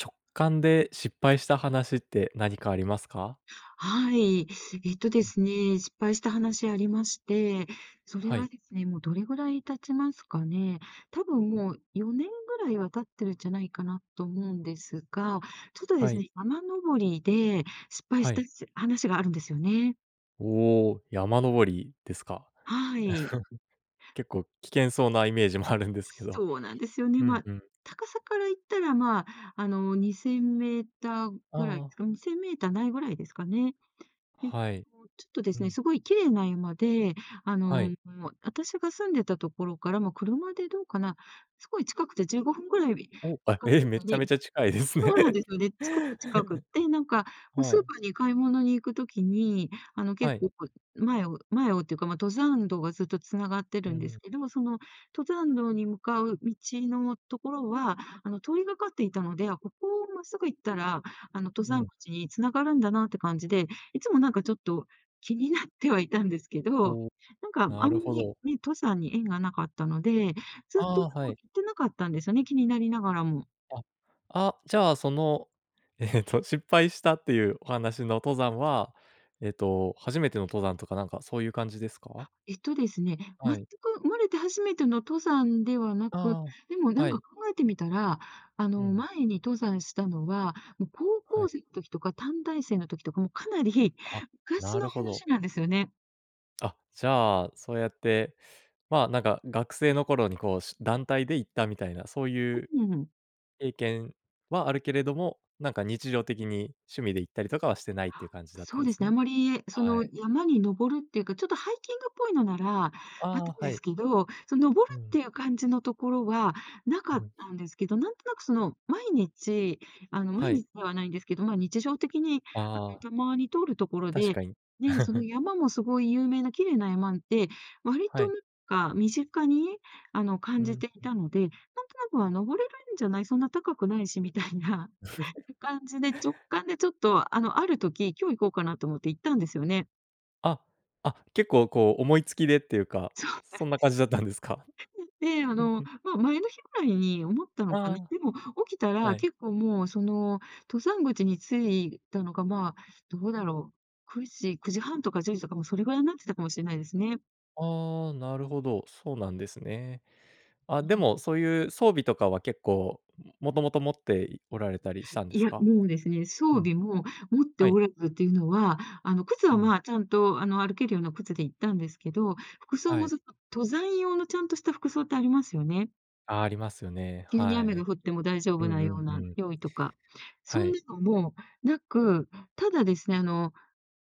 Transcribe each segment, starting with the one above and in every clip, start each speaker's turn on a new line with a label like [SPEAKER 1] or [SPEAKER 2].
[SPEAKER 1] 直感で失敗した話って何かありますか？
[SPEAKER 2] はい。えっとですね、失敗した話ありまして。それ
[SPEAKER 1] は
[SPEAKER 2] は
[SPEAKER 1] い。
[SPEAKER 2] ですね。もうどれぐらい経ちますかね。多分もう4年ぐらいは経ってるじゃないかなと思うんですが、ちょっとで
[SPEAKER 1] は
[SPEAKER 2] す
[SPEAKER 1] い。
[SPEAKER 2] ね、山登りで失敗
[SPEAKER 1] は
[SPEAKER 2] した、
[SPEAKER 1] い。
[SPEAKER 2] しゅ話があるんですよね。
[SPEAKER 1] おお、山登りですか？
[SPEAKER 2] はい。
[SPEAKER 1] 結構危険そうなイメージもあるんですけど。
[SPEAKER 2] そうなんですよね。
[SPEAKER 1] うん
[SPEAKER 2] まあ、
[SPEAKER 1] うん。
[SPEAKER 2] 高さから言ったら、まあ、あの、2000メーター
[SPEAKER 1] あ
[SPEAKER 2] ぐらいっ
[SPEAKER 1] あ。
[SPEAKER 2] つか、2000メーターないぐらいですかね。
[SPEAKER 1] はい。
[SPEAKER 2] ちょっとで
[SPEAKER 1] う
[SPEAKER 2] すね。
[SPEAKER 1] ん。
[SPEAKER 2] すごい綺麗な山で、あ
[SPEAKER 1] は
[SPEAKER 2] の、
[SPEAKER 1] い。
[SPEAKER 2] もう、あたしが住んでたところから、も、車でどうかな、すごい近くて15分ぐらい、
[SPEAKER 1] お、あ、
[SPEAKER 2] かく
[SPEAKER 1] え、
[SPEAKER 2] っ
[SPEAKER 1] めっ
[SPEAKER 2] と
[SPEAKER 1] ちゃ
[SPEAKER 2] ね
[SPEAKER 1] めちゃ近いですね。
[SPEAKER 2] そうなんですよね。すごく近くって、なんか、もう、
[SPEAKER 1] は
[SPEAKER 2] スー
[SPEAKER 1] い。
[SPEAKER 2] パーに買い物に行く時に、あの、結
[SPEAKER 1] はい。
[SPEAKER 2] 構こう、前を前をってか、ま、登山道がずっと繋がって
[SPEAKER 1] う
[SPEAKER 2] るんです
[SPEAKER 1] ん。
[SPEAKER 2] けども、その登山道に向かう道のところは、あの、通りがかっていたので、あ、ここをまっすぐ行ったら、あの、登
[SPEAKER 1] う
[SPEAKER 2] 山
[SPEAKER 1] ん。
[SPEAKER 2] 口に繋がるんだなって感じで、いつも、なんか、ちょっと気になってはいたんですけど、
[SPEAKER 1] おお。
[SPEAKER 2] なんか、あん
[SPEAKER 1] な
[SPEAKER 2] ま
[SPEAKER 1] るほ
[SPEAKER 2] り、
[SPEAKER 1] ど。
[SPEAKER 2] ね、登山に縁がなかったので、ずっと
[SPEAKER 1] あ
[SPEAKER 2] も
[SPEAKER 1] あ、は
[SPEAKER 2] う、行
[SPEAKER 1] い。
[SPEAKER 2] ってなかったんですよね、気になりながらも。
[SPEAKER 1] あ。あ、じゃあ、その、えっと、失敗したっていうお話の登山は、えっと、初めての登山とかなんかそういう感じですか？
[SPEAKER 2] えっとですね、全
[SPEAKER 1] はい。
[SPEAKER 2] く生まれて初めての登山ではなく、
[SPEAKER 1] あ
[SPEAKER 2] でも、
[SPEAKER 1] あ、
[SPEAKER 2] な
[SPEAKER 1] は
[SPEAKER 2] んか、
[SPEAKER 1] い。
[SPEAKER 2] 考えてみたら、あ
[SPEAKER 1] う
[SPEAKER 2] の、
[SPEAKER 1] ん。
[SPEAKER 2] 前に登山したのは、も、高
[SPEAKER 1] は
[SPEAKER 2] 校
[SPEAKER 1] い。
[SPEAKER 2] 生時とか短大生の時とか、も、かなり
[SPEAKER 1] あ、
[SPEAKER 2] 昔
[SPEAKER 1] なる
[SPEAKER 2] の
[SPEAKER 1] ほど。
[SPEAKER 2] 話なんですよね。
[SPEAKER 1] あ、じゃあそうやって、ま、なんか学生の頃にこう、し団体で行ったみたいな、そういう
[SPEAKER 2] うん、うーん。
[SPEAKER 1] 経験はあるけれども、なんか日常的に趣味で行ったりとかはしてないっていう
[SPEAKER 2] あ、
[SPEAKER 1] 感じだった
[SPEAKER 2] そう
[SPEAKER 1] で
[SPEAKER 2] で
[SPEAKER 1] す
[SPEAKER 2] すね。あん
[SPEAKER 1] ね。
[SPEAKER 2] まりそ
[SPEAKER 1] は
[SPEAKER 2] の
[SPEAKER 1] い。
[SPEAKER 2] 山に登るっていうか、ちょっとハイキングっぽいのなら、あったん
[SPEAKER 1] あ、
[SPEAKER 2] で
[SPEAKER 1] は
[SPEAKER 2] す
[SPEAKER 1] い。
[SPEAKER 2] けど、そう、登る
[SPEAKER 1] う
[SPEAKER 2] っ
[SPEAKER 1] ん。
[SPEAKER 2] ていう感じのところはなか
[SPEAKER 1] う
[SPEAKER 2] っ
[SPEAKER 1] ん。
[SPEAKER 2] たんですけど、なんとなくその毎日あの毎
[SPEAKER 1] はい。
[SPEAKER 2] 日ではないんですけど、ま、日常的にあ
[SPEAKER 1] あ
[SPEAKER 2] の、
[SPEAKER 1] あ。
[SPEAKER 2] たまに通るところ
[SPEAKER 1] 確
[SPEAKER 2] で、
[SPEAKER 1] かに。
[SPEAKER 2] ね、その 山もすごい有名な綺麗な山で、割
[SPEAKER 1] は
[SPEAKER 2] と
[SPEAKER 1] い。
[SPEAKER 2] なんか身近にあの
[SPEAKER 1] う
[SPEAKER 2] 感じ
[SPEAKER 1] ん
[SPEAKER 2] てい
[SPEAKER 1] うん。
[SPEAKER 2] たので、なんとなくは「登れるんじゃない？そんな高くないし」みたいな感 じで、直感でちょっとあのある時「今日行こうかな」と思って行ったんですよね。
[SPEAKER 1] あ、あ、結構こう思いつきでっていうか、
[SPEAKER 2] そうなんです。
[SPEAKER 1] そんな感じだったんですか？
[SPEAKER 2] で、あの、ま、前の日ぐらいに思った
[SPEAKER 1] あ
[SPEAKER 2] のかね。でも起きた
[SPEAKER 1] あ、
[SPEAKER 2] ら
[SPEAKER 1] はい。
[SPEAKER 2] 結構もう、その登山口に着いたのが、ま、どうだろう、9時9時半とか10時とかもう、それぐらいになってたかもしれないですね。
[SPEAKER 1] ああ、なるほど、そうなんですね。あ、
[SPEAKER 2] ぬ
[SPEAKER 1] で
[SPEAKER 2] は。
[SPEAKER 1] も、そういう装備とかは、結構、ももともと持って、いおられたりしたんで
[SPEAKER 2] い
[SPEAKER 1] す
[SPEAKER 2] や、
[SPEAKER 1] か？
[SPEAKER 2] もうですね、装
[SPEAKER 1] うん。
[SPEAKER 2] 備も持って
[SPEAKER 1] はい。
[SPEAKER 2] おらずっていうのは、あの、靴
[SPEAKER 1] う
[SPEAKER 2] は、
[SPEAKER 1] ん。
[SPEAKER 2] ま、ちゃんと、あの、歩けるような靴で行ったんですけど、服装
[SPEAKER 1] は
[SPEAKER 2] も、
[SPEAKER 1] い。
[SPEAKER 2] ずっと登山用のちゃんとした服装ってありますよね。
[SPEAKER 1] あ、ありますよね。
[SPEAKER 2] 急に
[SPEAKER 1] は
[SPEAKER 2] 雨が
[SPEAKER 1] い。
[SPEAKER 2] 降っても大丈
[SPEAKER 1] う
[SPEAKER 2] 夫な
[SPEAKER 1] んう
[SPEAKER 2] よう
[SPEAKER 1] んう
[SPEAKER 2] な
[SPEAKER 1] ん。
[SPEAKER 2] 用意とか。そ
[SPEAKER 1] は
[SPEAKER 2] ん
[SPEAKER 1] い。
[SPEAKER 2] なのもなく。ただですね、あの、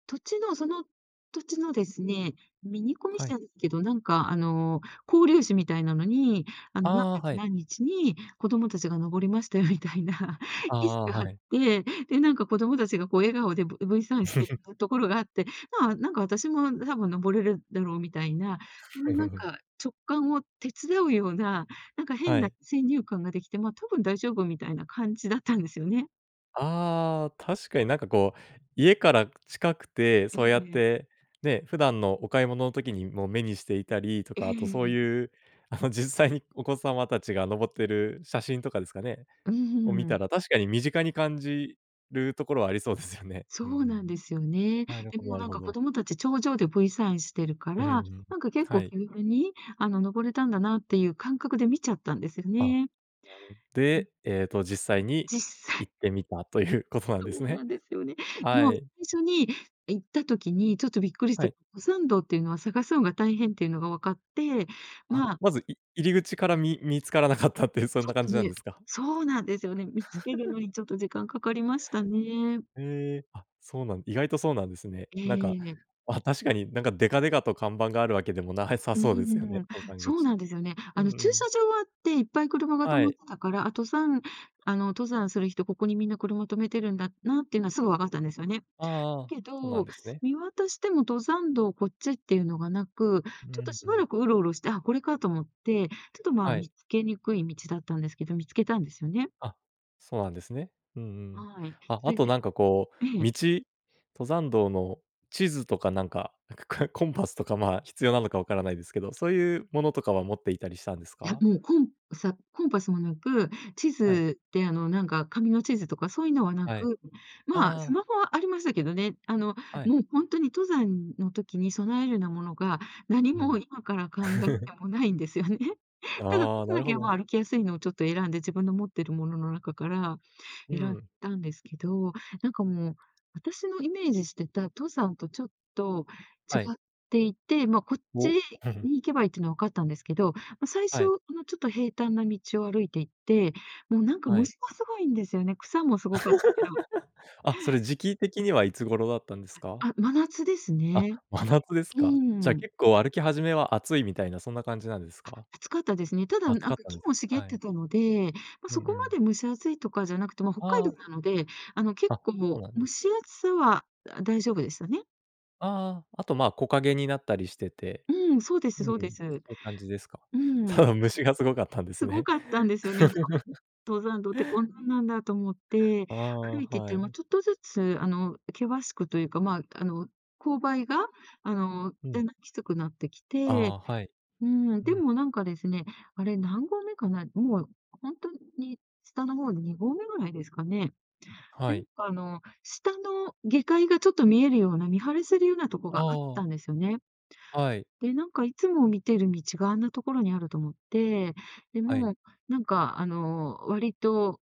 [SPEAKER 2] 土地の、その、土地のですね、ミニコミ
[SPEAKER 1] は
[SPEAKER 2] 誌
[SPEAKER 1] い。
[SPEAKER 2] なんけど。なんか、あの、交流誌みたいなのに、あの「何
[SPEAKER 1] ああ、
[SPEAKER 2] 月
[SPEAKER 1] はい。
[SPEAKER 2] 何日に子供たちが登りまして」みたいな
[SPEAKER 1] あ
[SPEAKER 2] 記事
[SPEAKER 1] あ、
[SPEAKER 2] があっ
[SPEAKER 1] はい。
[SPEAKER 2] て。で、なんか、子供達が、こう、笑顔で、ぶ V サインしてっ ぐところがあって、ま、なんか、私も多分登れるだろうみたいな、その、なん か、直感を手伝うような、なんか、変
[SPEAKER 1] は
[SPEAKER 2] な
[SPEAKER 1] い。
[SPEAKER 2] 先入観ができて、ま、多分大丈夫みたいな感じだったんですよね。
[SPEAKER 1] ああ、確かに、なんか、こう、家から、く近くて、
[SPEAKER 2] うん
[SPEAKER 1] そうやっ
[SPEAKER 2] うん。
[SPEAKER 1] て、ね、普段のお買い物の時にも目にしていたりと
[SPEAKER 2] ええ
[SPEAKER 1] か、あと、そう
[SPEAKER 2] ええ。
[SPEAKER 1] いう、あの、実際にお子様たちが登ってる写真とかですかね、
[SPEAKER 2] うー
[SPEAKER 1] を見た
[SPEAKER 2] ん。
[SPEAKER 1] ら、確かに、身近に感じるところはありそうですよね。
[SPEAKER 2] そ
[SPEAKER 1] うんう
[SPEAKER 2] う
[SPEAKER 1] ん。
[SPEAKER 2] なんですよね。
[SPEAKER 1] なる
[SPEAKER 2] で
[SPEAKER 1] ほど
[SPEAKER 2] も、
[SPEAKER 1] なる
[SPEAKER 2] なん
[SPEAKER 1] ほ
[SPEAKER 2] か、子
[SPEAKER 1] ど。
[SPEAKER 2] 供たち、頂上で V サインしてるか
[SPEAKER 1] う、ふん、う
[SPEAKER 2] ら、
[SPEAKER 1] ん、
[SPEAKER 2] なんか、結
[SPEAKER 1] は
[SPEAKER 2] 構、
[SPEAKER 1] い。
[SPEAKER 2] 気軽に、あの、登れたんだなっていう感覚で見ちゃったんでする
[SPEAKER 1] あ、
[SPEAKER 2] ね。
[SPEAKER 1] なる
[SPEAKER 2] うん。
[SPEAKER 1] で、えっと、実際に
[SPEAKER 2] 実際
[SPEAKER 1] 行ってみたということなん
[SPEAKER 2] そ
[SPEAKER 1] です
[SPEAKER 2] う
[SPEAKER 1] ね。
[SPEAKER 2] なんですよね。で
[SPEAKER 1] は
[SPEAKER 2] も、
[SPEAKER 1] い。
[SPEAKER 2] 最初に行った時に、ちょっと、びっくりし
[SPEAKER 1] は
[SPEAKER 2] た、
[SPEAKER 1] い。
[SPEAKER 2] 古参道っていうのは探すのが大変っていうのが分かって、
[SPEAKER 1] あ、
[SPEAKER 2] ま
[SPEAKER 1] まず、い入り口から、み見つからなかったって、そん
[SPEAKER 2] ちょ
[SPEAKER 1] な
[SPEAKER 2] っ
[SPEAKER 1] 感
[SPEAKER 2] と
[SPEAKER 1] じなん
[SPEAKER 2] ね、
[SPEAKER 1] ですか？
[SPEAKER 2] そうなんですよね。見つける のに、ちょっと、時間かかりましたね。
[SPEAKER 1] へえ、あ、そうなん、意外とそうなんですね。
[SPEAKER 2] え
[SPEAKER 1] なんか、
[SPEAKER 2] え。
[SPEAKER 1] あ、確かに、なんか、デカデカと看板があるわけでもなさ
[SPEAKER 2] う
[SPEAKER 1] そうですよ
[SPEAKER 2] ー
[SPEAKER 1] ね。
[SPEAKER 2] ん、
[SPEAKER 1] 登山
[SPEAKER 2] そう
[SPEAKER 1] 口。
[SPEAKER 2] なんですよね。
[SPEAKER 1] う
[SPEAKER 2] あ
[SPEAKER 1] ん
[SPEAKER 2] の、
[SPEAKER 1] う
[SPEAKER 2] 駐
[SPEAKER 1] ん。
[SPEAKER 2] 車場はあって、いっぱい車が止
[SPEAKER 1] は
[SPEAKER 2] まっ
[SPEAKER 1] い。
[SPEAKER 2] てたから、あ、登山、あの、登山する人、ここにみんな車停めてるんだなっていうのはすぐわかったんですよね。
[SPEAKER 1] ああああ、
[SPEAKER 2] だけ
[SPEAKER 1] ほなん
[SPEAKER 2] ど、
[SPEAKER 1] ですね。
[SPEAKER 2] 見渡しても登山道こっちっていうのがなく、
[SPEAKER 1] う
[SPEAKER 2] ちょっと、
[SPEAKER 1] ん
[SPEAKER 2] し
[SPEAKER 1] う
[SPEAKER 2] ば
[SPEAKER 1] ん。
[SPEAKER 2] らくウロウロして、あ、これかと思って、ちょっと、ま、
[SPEAKER 1] は
[SPEAKER 2] 見
[SPEAKER 1] い。
[SPEAKER 2] っけにくい道だったんですけど、見つけたんですよね。
[SPEAKER 1] あ、そうなんですね。うんうん。
[SPEAKER 2] はい。
[SPEAKER 1] あ、
[SPEAKER 2] そ
[SPEAKER 1] あ
[SPEAKER 2] い
[SPEAKER 1] と、
[SPEAKER 2] で
[SPEAKER 1] なんか、こ
[SPEAKER 2] え
[SPEAKER 1] う、
[SPEAKER 2] え。
[SPEAKER 1] 道登山道の地図とか、なんか、くくくコンパスとか、ま、必要なのかわからないですけど、そういうものとかは持っていたりしたんです
[SPEAKER 2] いや、
[SPEAKER 1] か？
[SPEAKER 2] もう、コンサコンパスもなく、地
[SPEAKER 1] はい。
[SPEAKER 2] 図で、あの、なんか、紙の地図とかそういうのはな
[SPEAKER 1] はい。
[SPEAKER 2] く。まあ、ス
[SPEAKER 1] ああ。
[SPEAKER 2] マホはありましたけどね。あの、
[SPEAKER 1] はい。
[SPEAKER 2] もう、ほんとに登山の時に備えるなものが、何
[SPEAKER 1] う
[SPEAKER 2] も
[SPEAKER 1] ん。
[SPEAKER 2] 今から考え てもないんですよね。ただ、
[SPEAKER 1] ああ、
[SPEAKER 2] 靴
[SPEAKER 1] なる
[SPEAKER 2] だけ
[SPEAKER 1] ほ
[SPEAKER 2] は、ま
[SPEAKER 1] ど。
[SPEAKER 2] あ、歩きやすいのを、ちょっと、選んで、自分の持ってるものの中から、
[SPEAKER 1] うー
[SPEAKER 2] 選ん
[SPEAKER 1] ん。
[SPEAKER 2] だんですけど。なんか、もう、私のイメージしてた登山と、ちょっと、違
[SPEAKER 1] はい。
[SPEAKER 2] っていて、ま、こっち
[SPEAKER 1] お。
[SPEAKER 2] に行けばいいっていうのは分かったんですけど、ま、最
[SPEAKER 1] は
[SPEAKER 2] 初、
[SPEAKER 1] い。
[SPEAKER 2] あの、ちょっと、平坦な道を歩いて行って、もう、なんか、
[SPEAKER 1] はい。
[SPEAKER 2] 虫もすごいんですよね。草もすごかっけど。
[SPEAKER 1] あ、それ時期的にはいつ頃だったんですか？
[SPEAKER 2] あ、真夏です
[SPEAKER 1] あ、
[SPEAKER 2] ね。
[SPEAKER 1] 真夏です
[SPEAKER 2] う
[SPEAKER 1] か。じゃあ、
[SPEAKER 2] ーん。
[SPEAKER 1] 結構歩き始めは暑いみたいなそんな感じなんです
[SPEAKER 2] あ、
[SPEAKER 1] か？
[SPEAKER 2] 暑かったですね。ただ、
[SPEAKER 1] 暑
[SPEAKER 2] なん
[SPEAKER 1] かっ
[SPEAKER 2] か、
[SPEAKER 1] たん
[SPEAKER 2] 木
[SPEAKER 1] です
[SPEAKER 2] も
[SPEAKER 1] ね。
[SPEAKER 2] 茂っ
[SPEAKER 1] はい。
[SPEAKER 2] てたので、ま、
[SPEAKER 1] う
[SPEAKER 2] そ
[SPEAKER 1] ん
[SPEAKER 2] こ
[SPEAKER 1] う
[SPEAKER 2] ま
[SPEAKER 1] ん。
[SPEAKER 2] で蒸し暑いとかじゃなくて、ま、北海
[SPEAKER 1] あ
[SPEAKER 2] 道
[SPEAKER 1] あ。
[SPEAKER 2] なので、あの、結
[SPEAKER 1] あ、こう
[SPEAKER 2] 構、
[SPEAKER 1] なんで
[SPEAKER 2] 蒸
[SPEAKER 1] す。
[SPEAKER 2] し暑さは、あ、大丈夫でしたね。
[SPEAKER 1] ああ、あと、ま、木陰になったりしてて。
[SPEAKER 2] うん、そうで
[SPEAKER 1] う
[SPEAKER 2] す
[SPEAKER 1] ん、そ
[SPEAKER 2] そうです。
[SPEAKER 1] ういう感じですか。
[SPEAKER 2] う
[SPEAKER 1] た
[SPEAKER 2] ん。
[SPEAKER 1] だ、虫がすごかったんです
[SPEAKER 2] すご
[SPEAKER 1] ね。
[SPEAKER 2] かったんですよね。「登山道って、こんなんなんだ」と思って、
[SPEAKER 1] ああ、
[SPEAKER 2] 歩いて行った
[SPEAKER 1] は
[SPEAKER 2] ら、もう、
[SPEAKER 1] い。
[SPEAKER 2] ちょっとずつ、あの、険しくというかまあ、あの、勾配が、あの、
[SPEAKER 1] うん。
[SPEAKER 2] だんだんきつくなってきて
[SPEAKER 1] あ、はい。
[SPEAKER 2] うん、
[SPEAKER 1] う
[SPEAKER 2] で
[SPEAKER 1] ん。
[SPEAKER 2] もなんかですね、あれ何合目かな、もう、ほんとに、下の方、2合目ぐらいですかね。
[SPEAKER 1] は
[SPEAKER 2] で、な
[SPEAKER 1] い。
[SPEAKER 2] んかあの、下の、下界がちょっと見えるような、見晴らせるようなとこ
[SPEAKER 1] あ
[SPEAKER 2] があっ
[SPEAKER 1] あ。
[SPEAKER 2] たんですよね。
[SPEAKER 1] はい。
[SPEAKER 2] で、なんかいつも見てる道があんなところにあると思って、で
[SPEAKER 1] はい。
[SPEAKER 2] も、なんかあの、割と、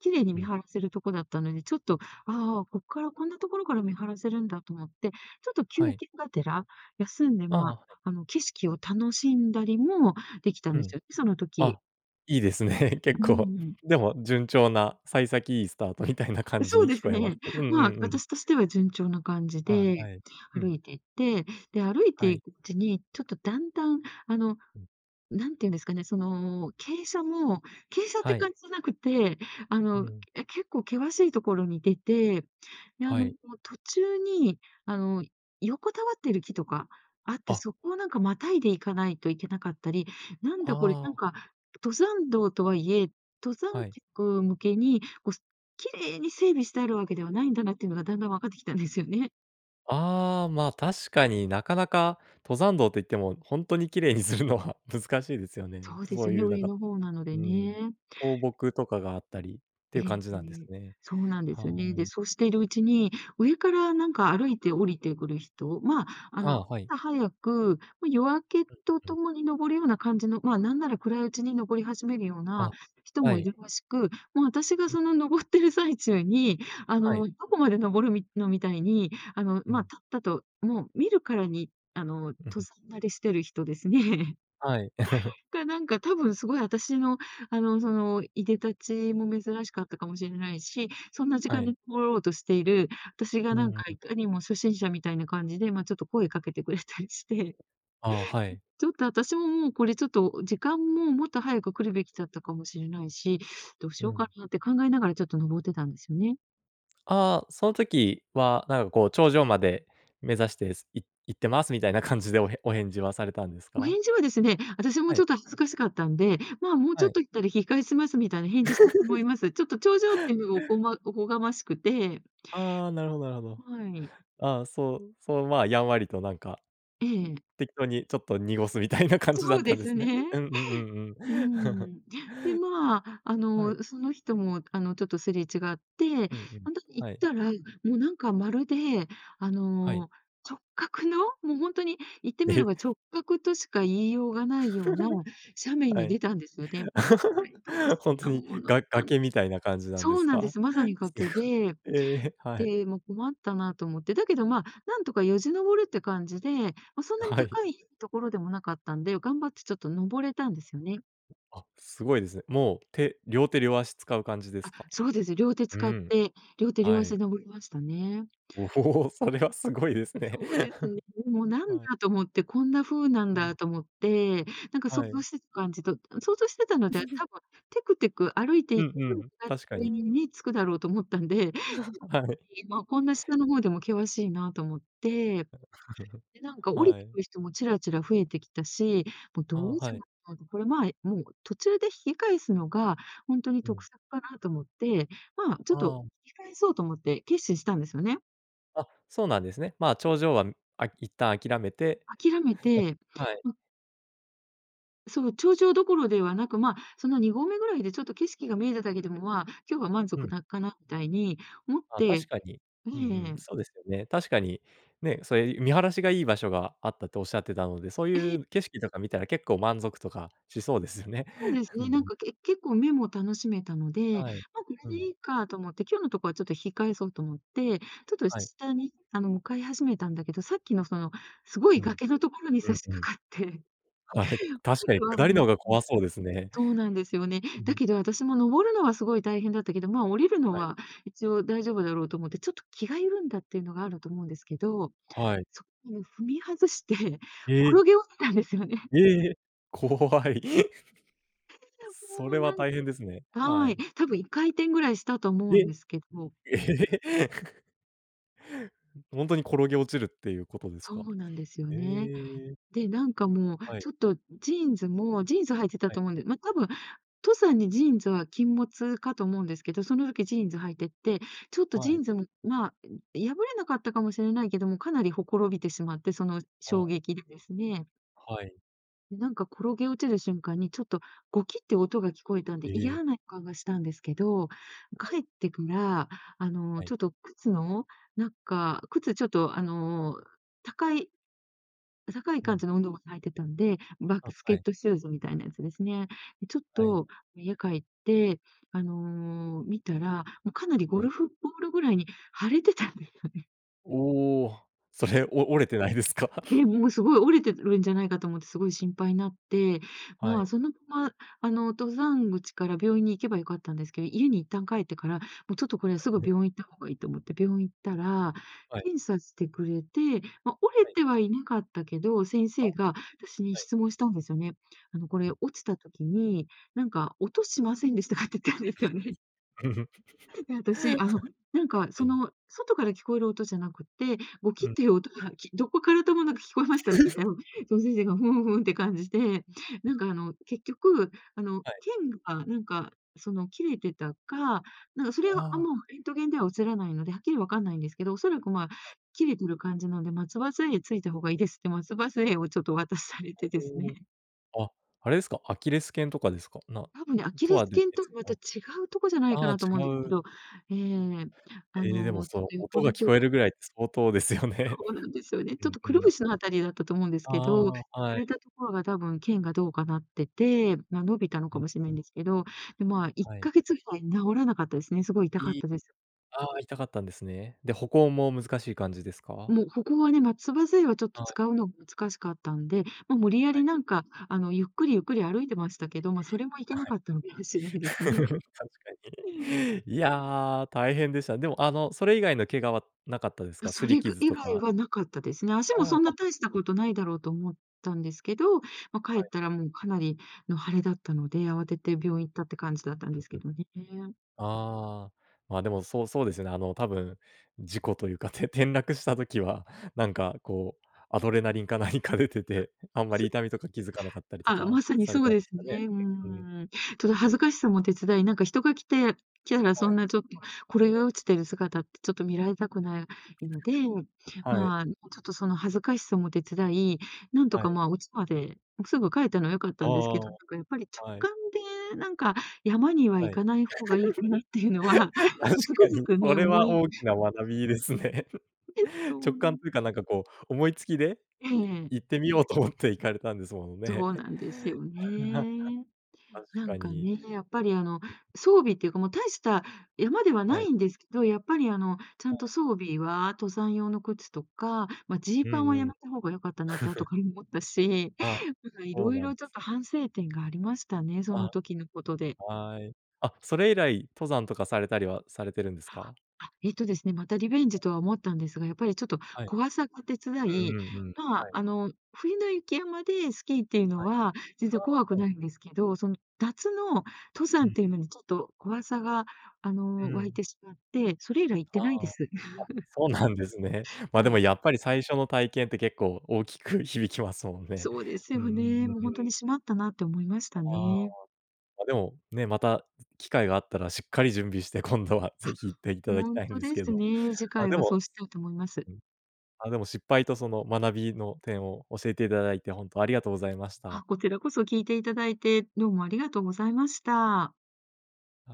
[SPEAKER 2] 綺麗に
[SPEAKER 1] う
[SPEAKER 2] 見
[SPEAKER 1] ん。
[SPEAKER 2] 晴らせるとこだったので、ちょっと、「あ、こっからこんなところから見晴らせるんだ」と思って、ちょっと休
[SPEAKER 1] はい。
[SPEAKER 2] 憩がてら、休んで
[SPEAKER 1] ああ、
[SPEAKER 2] ま
[SPEAKER 1] はい。
[SPEAKER 2] あ、あの景色を楽しんだりも、できたん
[SPEAKER 1] う
[SPEAKER 2] で
[SPEAKER 1] ん。
[SPEAKER 2] すよね、その時。
[SPEAKER 1] あ、いいですね、
[SPEAKER 2] う
[SPEAKER 1] 結
[SPEAKER 2] ん
[SPEAKER 1] 構。
[SPEAKER 2] うん。
[SPEAKER 1] でも順調な、幸先いいスタートみたいな感じ
[SPEAKER 2] そう
[SPEAKER 1] に
[SPEAKER 2] で
[SPEAKER 1] 聞
[SPEAKER 2] す
[SPEAKER 1] こえます
[SPEAKER 2] ね。
[SPEAKER 1] けど。うんうん
[SPEAKER 2] まあ、
[SPEAKER 1] うん。
[SPEAKER 2] 私としては順調な感じ
[SPEAKER 1] あ、
[SPEAKER 2] で、
[SPEAKER 1] はい。う
[SPEAKER 2] 歩
[SPEAKER 1] ん。
[SPEAKER 2] いて行って、で、歩い
[SPEAKER 1] は
[SPEAKER 2] てい
[SPEAKER 1] い。
[SPEAKER 2] くうちにちょっとだんだん、あの、
[SPEAKER 1] うん。
[SPEAKER 2] なんて言うんですかね、その、傾斜も、傾斜って
[SPEAKER 1] はい。
[SPEAKER 2] 感じじゃなくて、あ
[SPEAKER 1] う
[SPEAKER 2] の、
[SPEAKER 1] ん。
[SPEAKER 2] け結構険しいところに出て、で、あ
[SPEAKER 1] は
[SPEAKER 2] の、こ
[SPEAKER 1] い。
[SPEAKER 2] う、途中に、あの、横たわってる木とかあって、
[SPEAKER 1] あ。
[SPEAKER 2] そこをなんか、またいでいかないといけなかったり、なんだこれ、
[SPEAKER 1] あ
[SPEAKER 2] なん
[SPEAKER 1] あ。
[SPEAKER 2] か登山道とはいえ、登山
[SPEAKER 1] はい。
[SPEAKER 2] 客向けにごす綺麗に整備してあるわけではないんだなっていうのが、だんだんわかってきたんですよね。
[SPEAKER 1] ああ、まあ、確かになかなか、登山道と言っても、ほんとに綺麗にするのは難しいですよね。
[SPEAKER 2] そうで
[SPEAKER 1] そ
[SPEAKER 2] す
[SPEAKER 1] う
[SPEAKER 2] ね、
[SPEAKER 1] いうなん
[SPEAKER 2] 上
[SPEAKER 1] か
[SPEAKER 2] の方なの
[SPEAKER 1] う
[SPEAKER 2] で
[SPEAKER 1] ん、
[SPEAKER 2] ね。
[SPEAKER 1] 倒木とかがあったりってい
[SPEAKER 2] え
[SPEAKER 1] う感
[SPEAKER 2] え
[SPEAKER 1] じなんです
[SPEAKER 2] え。
[SPEAKER 1] ね。
[SPEAKER 2] そうなんで
[SPEAKER 1] は
[SPEAKER 2] すよね。で、
[SPEAKER 1] い。
[SPEAKER 2] そうしているうちに、上からなんか歩いて降りてくる人、ま、あ
[SPEAKER 1] ああ、
[SPEAKER 2] の、
[SPEAKER 1] はい。
[SPEAKER 2] 朝早く、ま、夜明けと
[SPEAKER 1] うん、う
[SPEAKER 2] と
[SPEAKER 1] ん。
[SPEAKER 2] もに登るような感じの、ま、なんなら暗いうちに登り始めるような
[SPEAKER 1] あ、
[SPEAKER 2] 人
[SPEAKER 1] は
[SPEAKER 2] もい
[SPEAKER 1] い。
[SPEAKER 2] るらしく、もう私が
[SPEAKER 1] うん。
[SPEAKER 2] その登ってる最中に、あ
[SPEAKER 1] はい。
[SPEAKER 2] の、「どこまで登るみ、の？」みたいに、あの、
[SPEAKER 1] う
[SPEAKER 2] ま、
[SPEAKER 1] ん。
[SPEAKER 2] たったと、もう見るからにあの、
[SPEAKER 1] う
[SPEAKER 2] 登
[SPEAKER 1] ん。
[SPEAKER 2] 山慣れしてる人ですね
[SPEAKER 1] はい。
[SPEAKER 2] が、なんか、多分すごい私の、あの、その、出で立ちも珍しかったかもしれないし、そんな時
[SPEAKER 1] は
[SPEAKER 2] 間
[SPEAKER 1] い。
[SPEAKER 2] に登ろうとしている私
[SPEAKER 1] う
[SPEAKER 2] が、
[SPEAKER 1] ー
[SPEAKER 2] なん
[SPEAKER 1] ん、
[SPEAKER 2] か、
[SPEAKER 1] ん。
[SPEAKER 2] いかにも初心者みたいな感じで、ま、ちょっと声かけてくれたりして。
[SPEAKER 1] あ、はい。
[SPEAKER 2] ちょっと私も、もうこれちょっと時間も、もっと早く来るべきだったかもしれないし、どうし
[SPEAKER 1] う
[SPEAKER 2] よう
[SPEAKER 1] ん。
[SPEAKER 2] かなって考えながら、ちょっと登ってたんですよね。
[SPEAKER 1] ああ、その時はなんかこう、頂上まで目指して、い行ってます、みたいな感じで、おへお返事はされたんです
[SPEAKER 2] お
[SPEAKER 1] か？
[SPEAKER 2] 返事はですね、私も、
[SPEAKER 1] は
[SPEAKER 2] ち
[SPEAKER 1] い。
[SPEAKER 2] ょっと恥ずかしかったんで、「ま、もう
[SPEAKER 1] は
[SPEAKER 2] ちょっ
[SPEAKER 1] い。
[SPEAKER 2] と行ったら引き返します」みたいな返事したと思いま す。ちょっと頂上っていうのがおこまおこがましくて
[SPEAKER 1] ああ、なるほどなるほど。
[SPEAKER 2] はい。
[SPEAKER 1] ああ、そうそうまあ、やんわりとなんか、ん、
[SPEAKER 2] ええ。
[SPEAKER 1] 適当にちょっと濁すみたいな感じだ
[SPEAKER 2] そ
[SPEAKER 1] っ
[SPEAKER 2] う
[SPEAKER 1] た
[SPEAKER 2] で
[SPEAKER 1] んで
[SPEAKER 2] す
[SPEAKER 1] すね。
[SPEAKER 2] ね。
[SPEAKER 1] うんうん。
[SPEAKER 2] う ん。で、まあ、あ
[SPEAKER 1] はい。
[SPEAKER 2] の、その人もあの、ちょっとすれ違って、
[SPEAKER 1] うんうん、
[SPEAKER 2] ほんとに行っ
[SPEAKER 1] はい。
[SPEAKER 2] たら、もうなんかまるで、あ
[SPEAKER 1] はい。
[SPEAKER 2] の、直角の、もうほんとに、言ってみれ
[SPEAKER 1] え。
[SPEAKER 2] ば直角としか言いようがないような 斜面
[SPEAKER 1] は
[SPEAKER 2] に
[SPEAKER 1] い。
[SPEAKER 2] 出たんですよね。で、これどうし
[SPEAKER 1] ほんと
[SPEAKER 2] た
[SPEAKER 1] に、
[SPEAKER 2] もの
[SPEAKER 1] が
[SPEAKER 2] か
[SPEAKER 1] 崖みたいな感じなんで
[SPEAKER 2] そう
[SPEAKER 1] す
[SPEAKER 2] なんで
[SPEAKER 1] か？
[SPEAKER 2] す。まさに
[SPEAKER 1] す
[SPEAKER 2] 崖で、
[SPEAKER 1] ごい、ええ。はい。
[SPEAKER 2] で、もう困ったなと思って。だけどまあ、なんとかよじ登るって感じで、ま、そんなに
[SPEAKER 1] はい。
[SPEAKER 2] 高いところでもなかったんで、頑張ってちょっと登れたんですよね。
[SPEAKER 1] あ、すごいですね。もう手両手両足使う感じです
[SPEAKER 2] あ、
[SPEAKER 1] か？
[SPEAKER 2] そうですね。両手
[SPEAKER 1] う
[SPEAKER 2] 使っ
[SPEAKER 1] ん、
[SPEAKER 2] て、両手両
[SPEAKER 1] は
[SPEAKER 2] 足
[SPEAKER 1] い。
[SPEAKER 2] で登りましたね。
[SPEAKER 1] おお、それはすごいですね。
[SPEAKER 2] そうですね。もう何
[SPEAKER 1] はい。
[SPEAKER 2] だと思って、こんな風なん
[SPEAKER 1] うん。
[SPEAKER 2] だと思って。なんか想
[SPEAKER 1] は
[SPEAKER 2] 像
[SPEAKER 1] い。
[SPEAKER 2] してた感じと想像してたのって、多分テクテク歩いて
[SPEAKER 1] うんう ん、
[SPEAKER 2] 勝
[SPEAKER 1] 確か
[SPEAKER 2] 手
[SPEAKER 1] に。
[SPEAKER 2] にね、着くだろうと思ったんで、
[SPEAKER 1] はい。
[SPEAKER 2] もう、こんな下の方でも険しいなと思って。で、なんか 降り
[SPEAKER 1] は
[SPEAKER 2] て
[SPEAKER 1] い。
[SPEAKER 2] くる人もチラチラ増えてきたし、もうど
[SPEAKER 1] ああ、
[SPEAKER 2] うし
[SPEAKER 1] は
[SPEAKER 2] よっ
[SPEAKER 1] い。
[SPEAKER 2] かと、これまあ、え、もう途中で引き返すのがほんとに
[SPEAKER 1] う
[SPEAKER 2] 得
[SPEAKER 1] ん。
[SPEAKER 2] 策かなと思って、ま、ちょ
[SPEAKER 1] あ
[SPEAKER 2] っと
[SPEAKER 1] あ。
[SPEAKER 2] 引き返そうと思って決心したんですよね。
[SPEAKER 1] あ、そうなんですね。まあ、
[SPEAKER 2] ん。
[SPEAKER 1] 頂上は、うん。あ、一旦諦めて、
[SPEAKER 2] 諦め
[SPEAKER 1] ひきかえし
[SPEAKER 2] て、
[SPEAKER 1] はい。
[SPEAKER 2] うんその頂上どころではなく、まあ、その二合目ぐらいで、ちょっと景色が見えただけでも、まあ、今日は満
[SPEAKER 1] う
[SPEAKER 2] 足
[SPEAKER 1] ん。
[SPEAKER 2] だかな、みたいに思っ
[SPEAKER 1] あ、確
[SPEAKER 2] て
[SPEAKER 1] かに、
[SPEAKER 2] え
[SPEAKER 1] うんうん。
[SPEAKER 2] え。
[SPEAKER 1] そうですよね。確かに、ね、そういう見晴らしがいい場所があったって、おっしゃってたので、そう
[SPEAKER 2] え
[SPEAKER 1] い
[SPEAKER 2] え。
[SPEAKER 1] う景色とか見たら、結構満足とかしそうですよね。
[SPEAKER 2] そうです
[SPEAKER 1] うんう
[SPEAKER 2] ね、なん
[SPEAKER 1] ん。
[SPEAKER 2] か、け結構目も楽しめたので。
[SPEAKER 1] はい。
[SPEAKER 2] ま、これ
[SPEAKER 1] う
[SPEAKER 2] で
[SPEAKER 1] ん。
[SPEAKER 2] いいかと思って、今日のところは、ちょっと引き返そうと思って。ちょっと、
[SPEAKER 1] は
[SPEAKER 2] し
[SPEAKER 1] い。
[SPEAKER 2] 下に、あの向かい始めたんだけど、さっきのその、すごい
[SPEAKER 1] うん。
[SPEAKER 2] 崖のところに
[SPEAKER 1] う
[SPEAKER 2] 差
[SPEAKER 1] ん
[SPEAKER 2] し
[SPEAKER 1] うん。
[SPEAKER 2] 掛かって。
[SPEAKER 1] はい。確
[SPEAKER 2] こ
[SPEAKER 1] か
[SPEAKER 2] れ
[SPEAKER 1] に、
[SPEAKER 2] は、もう
[SPEAKER 1] 下りの方が怖そうですね。
[SPEAKER 2] そうなんですよね。
[SPEAKER 1] うんう
[SPEAKER 2] だ
[SPEAKER 1] ん。
[SPEAKER 2] けど私も、登るのはすごい大変だったけど、まあ、降りるの
[SPEAKER 1] はい。
[SPEAKER 2] は一応大丈夫だろうと思って、ちょっと気が緩んだっていうのがあると思うんですけど。
[SPEAKER 1] はい。
[SPEAKER 2] そこを踏み外して、転
[SPEAKER 1] ええ。
[SPEAKER 2] げ落ちたんですよね。
[SPEAKER 1] ええ、怖い。
[SPEAKER 2] け、じゃ、
[SPEAKER 1] そ
[SPEAKER 2] も
[SPEAKER 1] れ
[SPEAKER 2] う
[SPEAKER 1] は
[SPEAKER 2] なん
[SPEAKER 1] 大変ですね。は
[SPEAKER 2] はい。
[SPEAKER 1] い。
[SPEAKER 2] 多分1回転ぐらいしたと思う
[SPEAKER 1] え。
[SPEAKER 2] んですけど。
[SPEAKER 1] ええ。ん、ほんとに転げ落ちるっていうことです
[SPEAKER 2] そ
[SPEAKER 1] か？
[SPEAKER 2] うなんですよ
[SPEAKER 1] え
[SPEAKER 2] ね。
[SPEAKER 1] え。
[SPEAKER 2] で、なんかもう、
[SPEAKER 1] はい。
[SPEAKER 2] ちょっとジーンズもジーンズ履いてた
[SPEAKER 1] は
[SPEAKER 2] と
[SPEAKER 1] い。
[SPEAKER 2] 思うんで、ま、多分、登山にジーンズは禁物かと思うんですけど、その時ジーンズ履いてて。ちょっとジ
[SPEAKER 1] は
[SPEAKER 2] ー
[SPEAKER 1] い。
[SPEAKER 2] ンズも、まあ、ん、破れなかったかもしれないけども、かなりほころびてしまって。その、
[SPEAKER 1] ああ。
[SPEAKER 2] 衝撃でですね。
[SPEAKER 1] はい。
[SPEAKER 2] ん、なんか、転げ落ちる瞬間に、ちょっとゴキって音が聞こえたんで、
[SPEAKER 1] へえ。
[SPEAKER 2] 嫌な予感がしたんですけど。
[SPEAKER 1] はい。
[SPEAKER 2] 帰ってから、あの
[SPEAKER 1] はい。
[SPEAKER 2] ちょっと靴のなんか、靴ちょっとあの高い高い
[SPEAKER 1] う
[SPEAKER 2] 感
[SPEAKER 1] ん。
[SPEAKER 2] じの運動靴履いてたんで、バック
[SPEAKER 1] あ、
[SPEAKER 2] ス
[SPEAKER 1] は
[SPEAKER 2] ケッ
[SPEAKER 1] い。
[SPEAKER 2] トシューズみたいなやつですね。でちょっ
[SPEAKER 1] はい。
[SPEAKER 2] と、家帰ってあの見たら、もうかなりゴ
[SPEAKER 1] はい。
[SPEAKER 2] ルフボールぐらいに腫れてたんですよね。
[SPEAKER 1] おお。それお折れてないですか。
[SPEAKER 2] で、もうすごい折れてるんじゃないかと思って、すごい心配になって。
[SPEAKER 1] は
[SPEAKER 2] ま
[SPEAKER 1] い。
[SPEAKER 2] あ、そのまま、あの登山口から病院に行けば良かったんですけど、家に一旦帰ってから、もう、ちょっとこれはすぐ
[SPEAKER 1] ね。
[SPEAKER 2] 病院行った方がいいと思って、病院行ったら、
[SPEAKER 1] はい。
[SPEAKER 2] 検査してくれて。ま、折れ
[SPEAKER 1] はい。
[SPEAKER 2] てはいなかったけど、先
[SPEAKER 1] あっ、
[SPEAKER 2] 生が私に
[SPEAKER 1] はい。
[SPEAKER 2] 質問したんですよね。「あのこ
[SPEAKER 1] う
[SPEAKER 2] れ、
[SPEAKER 1] ん。
[SPEAKER 2] 落ちた時になんか音しませんでしたか？」って言ったんですよ
[SPEAKER 1] ん。
[SPEAKER 2] ね。で、
[SPEAKER 1] は
[SPEAKER 2] 私、あの、なんか
[SPEAKER 1] い。
[SPEAKER 2] そ
[SPEAKER 1] はい。
[SPEAKER 2] の、外から聞こえる音じゃなくって、ゴキ
[SPEAKER 1] う
[SPEAKER 2] っ
[SPEAKER 1] ん。
[SPEAKER 2] ていう音が、きどこからともなく聞こえましたって言っ たら、その先生が、ふんふんって感じで、なんかあの結局、あの
[SPEAKER 1] はい。
[SPEAKER 2] 腱がなんかその切れてたか、なんそれ
[SPEAKER 1] あ
[SPEAKER 2] は、あ、
[SPEAKER 1] あ。
[SPEAKER 2] もう、レントゲンでは写らないので、はっきりわかんないんですけど。おそらく、まあ、
[SPEAKER 1] はい。
[SPEAKER 2] 切れてる感じなんで、松葉杖ついた方がいいですって、松葉杖をちょっとお渡しされ
[SPEAKER 1] あ、
[SPEAKER 2] てですね。
[SPEAKER 1] そうあ、あれですか？アキレス腱とかですか？なん、
[SPEAKER 2] 多分ね、アキ
[SPEAKER 1] と
[SPEAKER 2] レス
[SPEAKER 1] はべ
[SPEAKER 2] 腱と
[SPEAKER 1] 別
[SPEAKER 2] は、また違
[SPEAKER 1] の
[SPEAKER 2] うとこじゃない
[SPEAKER 1] あ
[SPEAKER 2] か
[SPEAKER 1] あ、
[SPEAKER 2] なと思う
[SPEAKER 1] 違
[SPEAKER 2] んですけ
[SPEAKER 1] う
[SPEAKER 2] ど。ええ、あ
[SPEAKER 1] ええ、でも
[SPEAKER 2] の、ちょ
[SPEAKER 1] そ
[SPEAKER 2] っ
[SPEAKER 1] う
[SPEAKER 2] と
[SPEAKER 1] 音
[SPEAKER 2] 横
[SPEAKER 1] が
[SPEAKER 2] の
[SPEAKER 1] 聞
[SPEAKER 2] ほ
[SPEAKER 1] こえるぐらいって、相当ですよね。
[SPEAKER 2] そうなんですよね。
[SPEAKER 1] う
[SPEAKER 2] ちょっ
[SPEAKER 1] ん
[SPEAKER 2] と、
[SPEAKER 1] う
[SPEAKER 2] くる
[SPEAKER 1] ん。
[SPEAKER 2] ぶしのあたりだったと思うんですけど。
[SPEAKER 1] ああ、
[SPEAKER 2] 腫
[SPEAKER 1] はい。
[SPEAKER 2] れたところが、多分腱がどうかなってて、ま、伸びたの
[SPEAKER 1] う
[SPEAKER 2] か
[SPEAKER 1] ん。
[SPEAKER 2] もしんないですけど、で、ま、いっ
[SPEAKER 1] はい。
[SPEAKER 2] かげつぐらい治らなかったですね。すごい痛かっ
[SPEAKER 1] いっ
[SPEAKER 2] たです。
[SPEAKER 1] ああ、痛かったんですね。で、歩行も難しい感じですか？
[SPEAKER 2] もう、歩行はね、松葉杖はちょっと
[SPEAKER 1] はい。
[SPEAKER 2] 使うの難しかったんで。ま、無理や
[SPEAKER 1] は
[SPEAKER 2] り、
[SPEAKER 1] い。
[SPEAKER 2] なんかあの、ゆっくりゆっくり歩いてました
[SPEAKER 1] え
[SPEAKER 2] け
[SPEAKER 1] え。
[SPEAKER 2] ど。ま、それもいけ
[SPEAKER 1] あ、
[SPEAKER 2] な
[SPEAKER 1] はい。
[SPEAKER 2] かったのかもしんないですね。
[SPEAKER 1] 確か
[SPEAKER 2] うん。
[SPEAKER 1] に。いや、大変でした。でもあの、それ以外の怪我はなかったです
[SPEAKER 2] あ、
[SPEAKER 1] か？擦
[SPEAKER 2] そ
[SPEAKER 1] り
[SPEAKER 2] れぐ
[SPEAKER 1] 傷
[SPEAKER 2] 以
[SPEAKER 1] と
[SPEAKER 2] 外
[SPEAKER 1] か。
[SPEAKER 2] はなかったですね。足
[SPEAKER 1] あ
[SPEAKER 2] も
[SPEAKER 1] あ、
[SPEAKER 2] そん
[SPEAKER 1] あ、
[SPEAKER 2] な、大し
[SPEAKER 1] す
[SPEAKER 2] た
[SPEAKER 1] ね。
[SPEAKER 2] ことないだろうと思ったんですけど、ま、帰
[SPEAKER 1] は
[SPEAKER 2] っ
[SPEAKER 1] い。
[SPEAKER 2] たら、もうかなりの腫れだったので、慌てて病院行ったって感じだったん
[SPEAKER 1] う
[SPEAKER 2] で
[SPEAKER 1] ん
[SPEAKER 2] す
[SPEAKER 1] う
[SPEAKER 2] け
[SPEAKER 1] ん。
[SPEAKER 2] どね、えん。
[SPEAKER 1] ああ。ま、でもそうそうですよね。あの、多分事故というか、て転落した時は、なんかこう、アドレナリンか何か出て
[SPEAKER 2] あ、
[SPEAKER 1] て、
[SPEAKER 2] は
[SPEAKER 1] あ
[SPEAKER 2] ん
[SPEAKER 1] んまり
[SPEAKER 2] す
[SPEAKER 1] 痛みとか、気づかなかったりと
[SPEAKER 2] ああ、
[SPEAKER 1] か
[SPEAKER 2] まさに
[SPEAKER 1] され
[SPEAKER 2] そ
[SPEAKER 1] た
[SPEAKER 2] う
[SPEAKER 1] んで
[SPEAKER 2] です
[SPEAKER 1] すかね。
[SPEAKER 2] ね。うー
[SPEAKER 1] けうん。
[SPEAKER 2] ん。ただ恥ずかしさも手伝い、なんか人が来て来たらそ
[SPEAKER 1] はい。
[SPEAKER 2] んなちょっと、これが落ちてる姿って、ちょっと見られたくないので、
[SPEAKER 1] はい。
[SPEAKER 2] まあ、もうちょっとその恥ずかしさも手伝い、なんと
[SPEAKER 1] は
[SPEAKER 2] か、
[SPEAKER 1] い。
[SPEAKER 2] ま、お家までもうすぐ帰ったのは良かっ
[SPEAKER 1] あ
[SPEAKER 2] たんですけ
[SPEAKER 1] あ
[SPEAKER 2] ど。
[SPEAKER 1] あ
[SPEAKER 2] なんかやっぱり直
[SPEAKER 1] あ、はい。
[SPEAKER 2] 感で、なんか山には
[SPEAKER 1] は
[SPEAKER 2] 行
[SPEAKER 1] い。
[SPEAKER 2] かない方がいいかなっていうのは、
[SPEAKER 1] 確
[SPEAKER 2] もうつく
[SPEAKER 1] か
[SPEAKER 2] づ
[SPEAKER 1] に。
[SPEAKER 2] く
[SPEAKER 1] そ
[SPEAKER 2] ね、
[SPEAKER 1] れ
[SPEAKER 2] 思
[SPEAKER 1] は
[SPEAKER 2] い
[SPEAKER 1] 大きな学びですね。
[SPEAKER 2] え、そ
[SPEAKER 1] 直
[SPEAKER 2] うな
[SPEAKER 1] 感
[SPEAKER 2] ん
[SPEAKER 1] というかなんかこう、思いつきで、
[SPEAKER 2] ええ
[SPEAKER 1] い
[SPEAKER 2] ええ。
[SPEAKER 1] 行ってみようと思って行かれたんですものね。
[SPEAKER 2] そうなんですよ ね。
[SPEAKER 1] 確
[SPEAKER 2] なん
[SPEAKER 1] か
[SPEAKER 2] か
[SPEAKER 1] に。
[SPEAKER 2] ね、
[SPEAKER 1] ん。
[SPEAKER 2] やっぱりあの、装備っていうか、もう大した山では
[SPEAKER 1] は
[SPEAKER 2] な
[SPEAKER 1] い。
[SPEAKER 2] いんですけど、やっぱりあの、ちゃ
[SPEAKER 1] は
[SPEAKER 2] んと
[SPEAKER 1] い。
[SPEAKER 2] 装備は登山用の靴とか、ま、ジー
[SPEAKER 1] う
[SPEAKER 2] パン
[SPEAKER 1] ん
[SPEAKER 2] はや
[SPEAKER 1] うん。
[SPEAKER 2] めた方が良かったなって、後 から思ったし。
[SPEAKER 1] あ、
[SPEAKER 2] なんかい
[SPEAKER 1] そう
[SPEAKER 2] ろい
[SPEAKER 1] なん
[SPEAKER 2] ろ、
[SPEAKER 1] で
[SPEAKER 2] ちょっ
[SPEAKER 1] す。
[SPEAKER 2] と反省点がありましたね、そ
[SPEAKER 1] あ、
[SPEAKER 2] の時のことで。
[SPEAKER 1] はい。あ、それ以来、登山とかされたりはされてるんですか？
[SPEAKER 2] あ、えっとですね、またリベンジとは思ったんですが、やっぱりちょっと
[SPEAKER 1] はい。
[SPEAKER 2] 怖さが手伝
[SPEAKER 1] う
[SPEAKER 2] い。
[SPEAKER 1] んうんうん。
[SPEAKER 2] ま
[SPEAKER 1] は
[SPEAKER 2] あ、
[SPEAKER 1] い。
[SPEAKER 2] あの冬の雪山でスキーっていうの
[SPEAKER 1] はい。
[SPEAKER 2] は、全
[SPEAKER 1] あ
[SPEAKER 2] 然怖く
[SPEAKER 1] あ、は
[SPEAKER 2] な
[SPEAKER 1] い。
[SPEAKER 2] いんですけど、その夏の登
[SPEAKER 1] う
[SPEAKER 2] 山っ
[SPEAKER 1] ん。
[SPEAKER 2] ていうのに、ちょっと怖さが、あ
[SPEAKER 1] う
[SPEAKER 2] の湧い
[SPEAKER 1] ん。
[SPEAKER 2] てしまって、それ以来行って
[SPEAKER 1] あ
[SPEAKER 2] ない
[SPEAKER 1] あ、
[SPEAKER 2] で
[SPEAKER 1] あ。あ、
[SPEAKER 2] す。
[SPEAKER 1] そうなんですね。ま、
[SPEAKER 2] は
[SPEAKER 1] でも
[SPEAKER 2] い。
[SPEAKER 1] やっぱり、最初の体験って、結構大きく響きますもんね。
[SPEAKER 2] そうです
[SPEAKER 1] うんう
[SPEAKER 2] よ
[SPEAKER 1] んう
[SPEAKER 2] ね。
[SPEAKER 1] ん
[SPEAKER 2] もう
[SPEAKER 1] う
[SPEAKER 2] ほんと
[SPEAKER 1] ん。
[SPEAKER 2] に、しまったなって思いました
[SPEAKER 1] あああ。
[SPEAKER 2] ね。
[SPEAKER 1] あ、でも、ね、また機会があったらしっかり準備して、今度は
[SPEAKER 2] あ、
[SPEAKER 1] 是非行っていただ
[SPEAKER 2] ほ
[SPEAKER 1] き
[SPEAKER 2] ん
[SPEAKER 1] たいん
[SPEAKER 2] と
[SPEAKER 1] です
[SPEAKER 2] で
[SPEAKER 1] け
[SPEAKER 2] す
[SPEAKER 1] ど。
[SPEAKER 2] ね。次
[SPEAKER 1] あ、
[SPEAKER 2] 回
[SPEAKER 1] で
[SPEAKER 2] は
[SPEAKER 1] も
[SPEAKER 2] そうしたいと思います。
[SPEAKER 1] うん、あ、でも失敗とその学びの点を、教えていただいて、ほんとありがとうございまし
[SPEAKER 2] あ、
[SPEAKER 1] た。
[SPEAKER 2] こちらこそ聞いていただいて、どうもありがとうございました。
[SPEAKER 1] あ